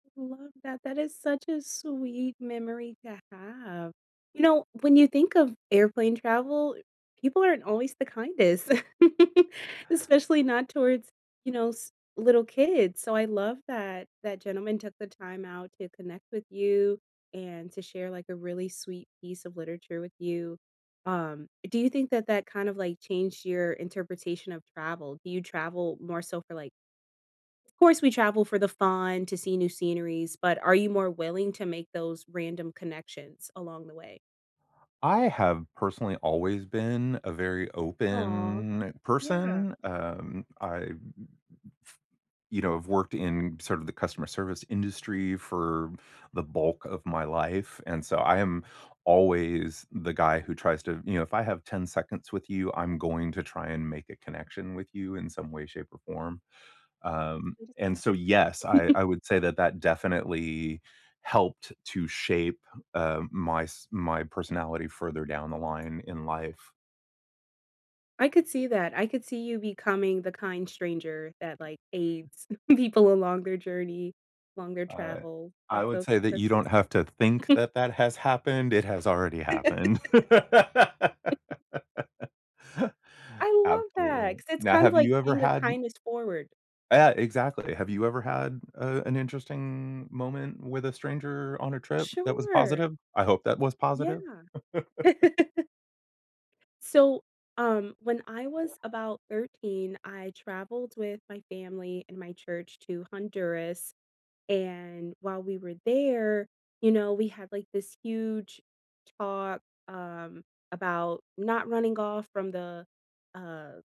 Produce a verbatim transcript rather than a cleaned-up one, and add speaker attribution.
Speaker 1: Love that, that is such a sweet memory to have. You know, when you think of airplane travel, people aren't always the kindest, especially not towards, you know, s little kids, so I love that that gentleman took the time out to connect with you, and to share, like, a really sweet piece of literature with you. Um, do you think that that kind of like changed your interpretation of travel? Do you travel more so for like- of course, we travel for the fun, to see new sceneries- but, are you more willing to make those random connections along the way?
Speaker 2: I have personally always been a very
Speaker 1: Aw,
Speaker 2: open
Speaker 1: yeah.
Speaker 2: person, um, I mm, mm, f you know, have worked in sort of the customer service industry for the bulk of my life, and so I am always the guy who tries to you know, if I have ten seconds with you, I'm going to try and make a connection with you in some way, shape, or form.
Speaker 1: How
Speaker 2: Um,
Speaker 1: sweet is
Speaker 2: and
Speaker 1: that?
Speaker 2: so, yes, I I would say that that definitely helped to shape, uh, my s my personality further down the line in life.
Speaker 1: I could see that, I could see you becoming the kind stranger that, like, aids people along their journey, along their
Speaker 2: Uh,
Speaker 1: travel.
Speaker 2: I
Speaker 1: That's
Speaker 2: would
Speaker 1: so
Speaker 2: say that
Speaker 1: that's
Speaker 2: you
Speaker 1: so
Speaker 2: don't
Speaker 1: sweet.
Speaker 2: have to think that that has happened, it has already happened.
Speaker 1: I love that,
Speaker 2: Absolutely.
Speaker 1: 'cause it's
Speaker 2: Now,
Speaker 1: kind of
Speaker 2: have
Speaker 1: like
Speaker 2: you ever
Speaker 1: paying a
Speaker 2: had n
Speaker 1: kindness forward.
Speaker 2: Eh, exactly. Have you ever had, uh, an interesting moment with a stranger on a trip that was
Speaker 1: Sure.
Speaker 2: positive I hope that was
Speaker 1: Yeah.
Speaker 2: positive?
Speaker 1: So, um, when I was about thirteen, I traveled with my family and my church to Honduras, and while we were there, you know, we had, like, this huge talk, um, about not running off from the, uh